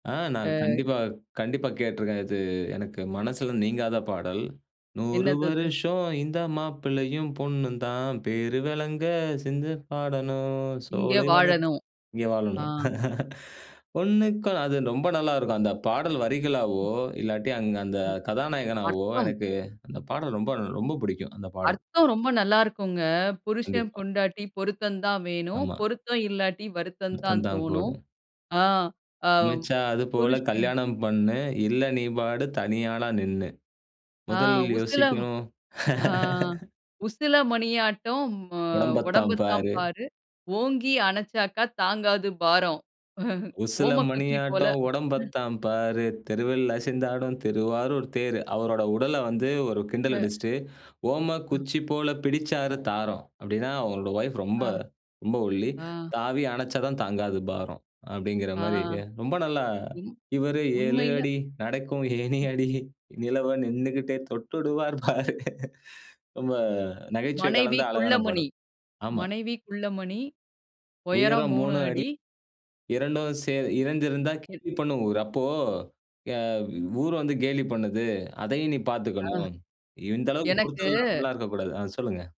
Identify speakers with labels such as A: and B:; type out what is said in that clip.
A: ஆ. நான்
B: ஆ.
A: கண்டிப்பா கண்டிப்பா கேட்டுருக்கேன். இது எனக்கு மனசுல நீங்காத பாடல். "100
B: என்னது அது?
A: வருஷம் இந்த மாப்பிள்ளையும், பொண்ணும் தான் பேருவெளங்க சிந்து பாடணும்.
B: இங்க
A: சோலைவனத்
B: வாழணும்.
A: இங்க
B: ஆ.
A: வாழணும். ஒண்ணுக்கொண்ணு" அது ரொம்ப நல்லாருக்கும். அந்த பாடல் வரிகளாவோ, இல்லாட்டி, அங்க, அந்த
B: ம்.
A: கதாநாயகனாகவோ
B: அர்த்தம்.
A: எனக்கு அந்த பாடல் ரொம்ப, ரொம்ப பிடிக்கும், அந்த பாடல்.
B: அர்த்தம் ரொம்ப நல்லா இருக்குங்க. "புருஷன்
A: கண்டிப்பா.
B: பொண்டாட்டி பொருத்தந்தான் வேணும்.
A: ஆமா.
B: பொருத்தம் இல்லாட்டி வருத்தந்தான்
A: வருத்தந்தான்
B: தோணும்"
A: கூடும்.
B: ஆ. ஆ
A: அமைச்சா, அது போல
B: புருஷன்
A: கல்யாணம் பண்ணு. இல்ல, நீ பாடு தனியாளா நின்னு.
B: ஆ.
A: முதலில்
B: "உசிலம்
A: யோசிக்கணும்.
B: ஆ உசில மணியாட்டம் அ
A: உடம்பைத்தாம்
B: உடம்புத்தான்
A: பாரு.
B: பாரு. ஓங்கி அணைச்சாக்கா தாங்காது பாரம்.
A: "உசில
B: ஓமக்குச்சி போல"
A: மணியாட்டம்
B: ம்.
A: உடம்பத்தான் பாரு, தெருவில் அசைந்தாடும் திருவாரூர் தேரு." அவரோட உடல வந்து ஒரு கிண்டல்
B: அ.
A: அடிச்சிட்டு, "ஓம
B: அ.
A: குச்சி போல பிடிச்சாரு தாரம்." அப்பிடீன்னா, அவரோட வைஃப் ரொம்ப
B: ஆ.
A: ரொம்ப ஒல்லி.
B: ஆ.
A: "தாவி அணைச்சாதான் தாங்காது பாரம்" அப்பிடீங்கிற
B: ஆ,
A: மாரி ரொம்ப நல்லா
B: ம்.
A: "இவரு 7
B: உண்மையில
A: அடி. நடக்கும்
B: ம்.
A: ஏணியடி. நிலவ நின்னுகிட்டே தொட்டுடுவார், பாரு." ரொம்ப நகைச்சுவை
B: மனைவி
A: கலந்த அழகான
B: குள்ளமணி
A: பாடல். ஆமா.
B: மனைவி குள்ளமணி, உயரம்
A: "உயரம்
B: 3
A: 3 அடி.
B: அடி.
A: 2ம் சேரு இணைஞ்சிருந்தா,
B: இது
A: கேலி பண்ணும் ஊரு," அப்போ, அ ஊர் வந்து கேலி பண்ணுது, அதையும் நீ
B: ஆ,
A: பார்த்துக்கணும். இந்த அளவுக்கு
B: எனக்கு
A: பொருத்தமில்லாமல்லா இருக்கக்கூடாது ஆ, சொல்லுங்க.